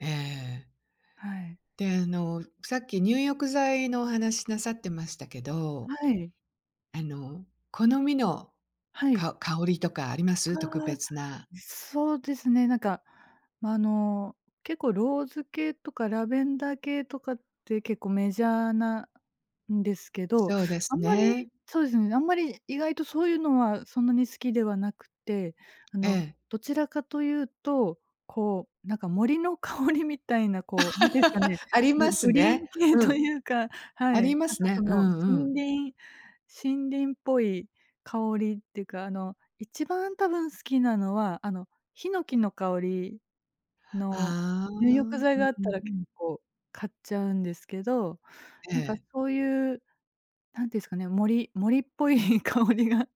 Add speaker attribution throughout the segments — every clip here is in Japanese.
Speaker 1: ええ。
Speaker 2: はい。
Speaker 1: で、あのさっき入浴剤のお話なさってましたけど。
Speaker 2: はい。
Speaker 1: あの好みの、
Speaker 2: はい。
Speaker 1: か香りとかあります？特
Speaker 2: ああ。
Speaker 1: 別な。
Speaker 2: そうですね、何かあの結構ローズ系とかラベンダー系とかって結構メジャーなんですけど、
Speaker 1: そうで
Speaker 2: あ
Speaker 1: す
Speaker 2: んまり
Speaker 1: ね。
Speaker 2: そうですね、あんまり意外とそういうのはそんなに好きではなくて、あ
Speaker 1: え
Speaker 2: の、
Speaker 1: え。
Speaker 2: どちらかと言うと、こうなんか森の香りみたいなこう何ですかね、
Speaker 1: あり
Speaker 2: グ
Speaker 1: ます
Speaker 2: グリー
Speaker 1: ね。
Speaker 2: ン系
Speaker 1: う
Speaker 2: と
Speaker 1: ん。
Speaker 2: いうか、は
Speaker 1: あ
Speaker 2: い、
Speaker 1: りま
Speaker 2: 何
Speaker 1: す
Speaker 2: かそ
Speaker 1: ね。うん
Speaker 2: の
Speaker 1: うん。
Speaker 2: 森林森林っぽい香りっていうか、あの、1番多分好きなのはあの檜の香りの
Speaker 1: ああ。う
Speaker 2: 入浴
Speaker 1: ん
Speaker 2: 剤があっ
Speaker 1: う
Speaker 2: た
Speaker 1: ん
Speaker 2: ら
Speaker 1: う
Speaker 2: 結
Speaker 1: ん。
Speaker 2: 構買っちゃうんですけど、
Speaker 1: え
Speaker 2: なんか
Speaker 1: え。
Speaker 2: そういう、何て言うんですかね、森森っぽい香りが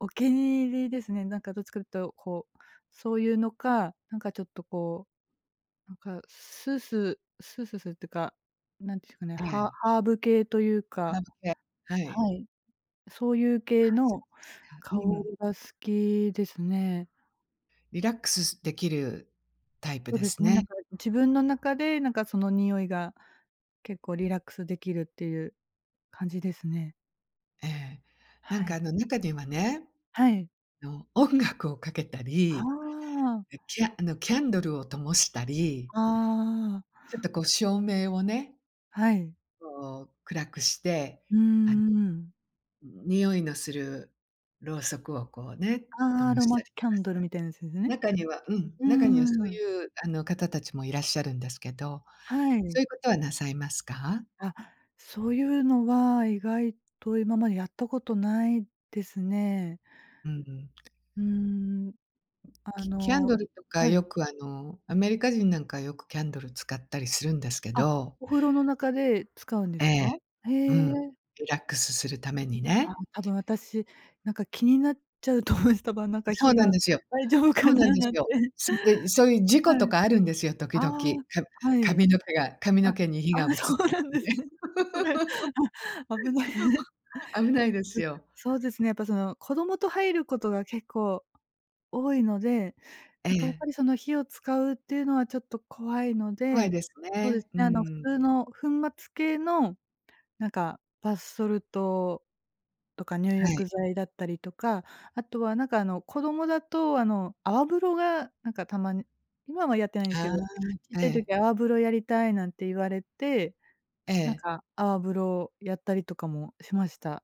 Speaker 2: お気に入りですね。なんかどっちかって言うとこう、そういうのか、何かちょっとこう、なんかスースースースーするっていうか、何て言うんですかね、
Speaker 1: え
Speaker 2: ハ
Speaker 1: え。
Speaker 2: ハーブ系というか、
Speaker 1: 香り系、はい。
Speaker 2: はい。そういう
Speaker 1: あ、
Speaker 2: 系
Speaker 1: そ
Speaker 2: の
Speaker 1: うですか。う
Speaker 2: 香
Speaker 1: ん。
Speaker 2: りが好きですね。
Speaker 1: リラックス-スできるタイプ
Speaker 2: そう
Speaker 1: で
Speaker 2: です
Speaker 1: す
Speaker 2: ね、なん
Speaker 1: ね。
Speaker 2: か自分の中でなんかその匂いが結構リラックスできるっていう感じですね。
Speaker 1: ええ。なん
Speaker 2: は
Speaker 1: か
Speaker 2: い。
Speaker 1: あの中にはね、
Speaker 2: はい。
Speaker 1: あの音楽をかけた
Speaker 2: あ
Speaker 1: り、
Speaker 2: あ。
Speaker 1: きあのキャンドルを灯したり
Speaker 2: ああ。
Speaker 1: ちょっとこう照明を
Speaker 2: はい。
Speaker 1: こう暗くして、
Speaker 2: うー
Speaker 1: あの。
Speaker 2: ん。
Speaker 1: 匂いのするろうそくをこうね、灯
Speaker 2: ああ、アロ
Speaker 1: した
Speaker 2: マキ
Speaker 1: りと
Speaker 2: ャ
Speaker 1: か
Speaker 2: ン
Speaker 1: す
Speaker 2: ド
Speaker 1: る。
Speaker 2: ルみたいなやつですね。
Speaker 1: 中にはうん、
Speaker 2: う
Speaker 1: 中には
Speaker 2: ん
Speaker 1: そう
Speaker 2: うん。
Speaker 1: いうあの方たちもいらっしゃるんですけど、
Speaker 2: はい。
Speaker 1: そういうことはなさいますか？
Speaker 2: あ、そういうのは意外と今までやったことないですね。
Speaker 1: うんうん。
Speaker 2: うん。あ
Speaker 1: きキャン
Speaker 2: の、
Speaker 1: ドルとか
Speaker 2: はい。
Speaker 1: よくあのアメリカ人なんかはよくキャンドル使ったりするんですけ
Speaker 2: あ、
Speaker 1: ど。
Speaker 2: お風呂の中で使うんで
Speaker 1: え
Speaker 2: す
Speaker 1: え。
Speaker 2: か。へ
Speaker 1: う
Speaker 2: え。
Speaker 1: ん。リラックスするために
Speaker 2: あ、
Speaker 1: ね。
Speaker 2: 多分私なんか気になっちゃうと思います。多分なんか
Speaker 1: そ
Speaker 2: 火
Speaker 1: うなん
Speaker 2: が
Speaker 1: ですよ。
Speaker 2: 大丈夫
Speaker 1: そ
Speaker 2: か
Speaker 1: うなん
Speaker 2: な
Speaker 1: です
Speaker 2: なんて。
Speaker 1: よ。そんで、そういう事
Speaker 2: は
Speaker 1: 故と
Speaker 2: い。
Speaker 1: かあるんですよ、時
Speaker 2: ああ、
Speaker 1: 々、か
Speaker 2: はい。
Speaker 1: 髪の毛が髪
Speaker 2: あ、あ
Speaker 1: の毛に火が移っ
Speaker 2: あ、
Speaker 1: た
Speaker 2: そ
Speaker 1: と
Speaker 2: うなん
Speaker 1: か
Speaker 2: です
Speaker 1: ね。
Speaker 2: ね。それ、あ、危ない。うん、
Speaker 1: 危ないですよ。
Speaker 2: そうですね、やっぱその子供と入ることが結構多いので、
Speaker 1: え
Speaker 2: 何かやっ
Speaker 1: え。
Speaker 2: ぱりその火を使うっていうのはちょっと怖いの
Speaker 1: 怖い
Speaker 2: で、
Speaker 1: です
Speaker 2: そうで
Speaker 1: ね、
Speaker 2: す
Speaker 1: う
Speaker 2: ね、あの普
Speaker 1: ん。
Speaker 2: 通の粉末系の何かバスソルトとか入
Speaker 1: はい。
Speaker 2: 浴剤だったりとか、あとは何かあの子供だとあの泡風呂がなんかたまに今はやってないんです
Speaker 1: あ
Speaker 2: けど、ちっ
Speaker 1: あ、え
Speaker 2: ちゃい
Speaker 1: え。
Speaker 2: 時泡風呂やりたいなんて言われて、
Speaker 1: え
Speaker 2: なん
Speaker 1: え。
Speaker 2: か泡風呂やったりとかもしました。